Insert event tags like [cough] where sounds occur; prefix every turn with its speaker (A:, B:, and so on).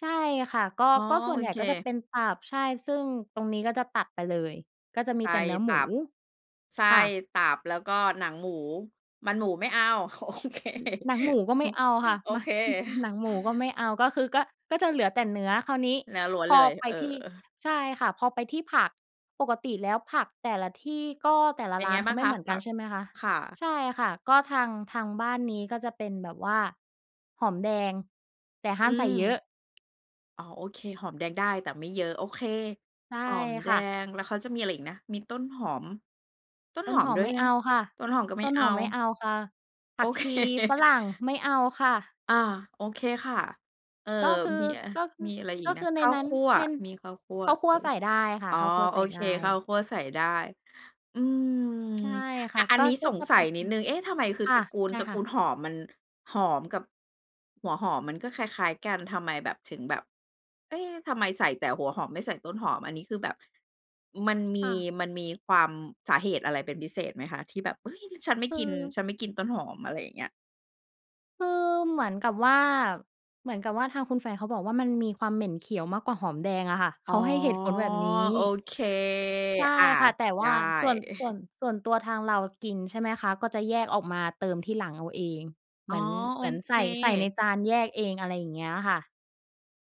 A: ใช่ค่ะ ก็
B: อ๋อ
A: ก็ส่
B: โ
A: ว
B: อ
A: นใหญ่
B: เค
A: ก็จะเป็นตับ ใช่ ซึ่งตรงนี้ ก็จะตัดไปเลย ก็จะม
B: ไ
A: ี
B: ต
A: แต่เนื้อ
B: ต
A: หมู
B: ับ ไส้
A: ค่ะ
B: ตับ แล้วก็หนังหมู มันหมูไม่เอา โอเค
A: หนังหมูก็ไม่
B: [chuckles]
A: เอาค่ะ
B: โอ
A: มา
B: เค
A: [chuckles] หนั
B: [chuckles]
A: งหมูก็ไม่เอา ก็คือ ก็ ก็จะเหลือแต่เนื้อ คราวนี้
B: เนื้อล้วน
A: พอ
B: เลย
A: ไป
B: เออ
A: ที่ ใช่ค่ะ พอไปที่ผัก ปกติแล้วผักแต่ละที่ ก็แต่ละ
B: เป็น
A: ร้
B: ไ
A: า
B: ง
A: นเ
B: บ
A: ข
B: ้
A: า
B: าง
A: ไม่
B: ค
A: เ
B: ะ?
A: หมือน
B: ค
A: ก
B: ่
A: ั
B: ะ
A: น ใช่ไหมคะ
B: ค่ะ
A: ใช่ค่ะ ก็ทาง ทางบ้านนี้ ก็จะเป็นแบบว่าหอมแดง แต่ห้
B: อื
A: ามใส่เยอ
B: ม
A: ะ
B: อ๋อ โอเค หอมแดงได้แต่ไม่เยอะ โอเค
A: ใช่
B: หอมแด
A: ค่ะ
B: ง แล้วเขาจะมีอะไรอีกนะ มีต้นหอม ต้น
A: ต้
B: ห
A: น
B: อ
A: ห
B: ม
A: อ
B: ด
A: ม
B: ้ว
A: ไ
B: ย
A: ม่
B: น
A: เ
B: ะ
A: อาค่ะ
B: ต้นหอมก็ไ
A: ต
B: ม่
A: ้น
B: เอ
A: ห
B: า
A: อมไม่เอาค่ะ ผ
B: โ
A: ั
B: อ
A: ก
B: เค
A: ชีฝรั่งไม่เอาค่ะ
B: อา โอเคค่ะ เอ่อ
A: ก็คือ
B: มีอะ
A: ก็คือ
B: มีอะไรอี
A: ก
B: ก
A: ็
B: น
A: ค
B: ะ
A: ือ
B: ข
A: ใน
B: ้าว
A: นั้
B: ค
A: น
B: ั่ว
A: ใน
B: มีข้าวคั่ว
A: ข้าวค
B: เ
A: ั
B: อ
A: ่ว
B: อ
A: ใส่ได้ค่
B: อ
A: ะ
B: ๋อ
A: ข้าวคั่ว
B: โ
A: ใส
B: อ
A: ่ไ
B: เค
A: ด้
B: ข้าวคั่วใส่ได้ อืม
A: ใช่ค
B: อ่
A: ่ะ
B: า อั
A: ก
B: น
A: ็
B: นี้
A: ก็
B: สง
A: จะ
B: ส
A: เ
B: ั
A: ป็
B: ย
A: น
B: น
A: เ
B: ิ
A: ป็
B: ด
A: น
B: หนึ่ง เอ๊ะ ทำไมคือ
A: ค่
B: ต
A: ะ
B: ระกูล
A: ได้
B: ตระก
A: ค่
B: ูล
A: ะ
B: หอม มัน หอมกับ หัวหอมมันก็คล้าย ๆ กันทำไมแบบ ถึงแบบ เอ๊ะ ทำไมใส่แต่หัวหอมไม่ใส่ต้นหอม อันนี้คือแบบ มันมี
A: ค่ะ
B: มันมีความ สาเหตุอะไรเป็นพิเศษไหมคะ ที่แบบ เฮ้ย ฉันไม่
A: ค
B: กิน
A: ือ
B: ฉันไม่กินต้นหอม อะไรอย่างเงี้ย?
A: คือเหมือนกับว่า เหมือนกับว่า ทางคุณแฟนเขาบอกว่า มันมีความเหม็นเขียวมากกว่าหอมแดงอะค่ะ เ
B: อ๋
A: ข
B: อ
A: าให้เหตุผลแบบนี้
B: โอเค
A: ใช่
B: อา
A: ค่ะ แต่
B: ไ
A: ว
B: ด
A: ่
B: ้
A: าส่วน ส่วน
B: [chuckles]
A: ส่วนตัวทางเรากิน ใช่ไหมคะ ก็จะแยกออกมาเติมทีหลังเอาเอง เ
B: อ
A: ห
B: ๋
A: มื
B: อ
A: อน
B: โ
A: เห
B: อ
A: มือนใ
B: เ
A: ส
B: ค
A: ่ ใส่ในจานแยกเอง อะไรอย่างเงี้ยค่ะ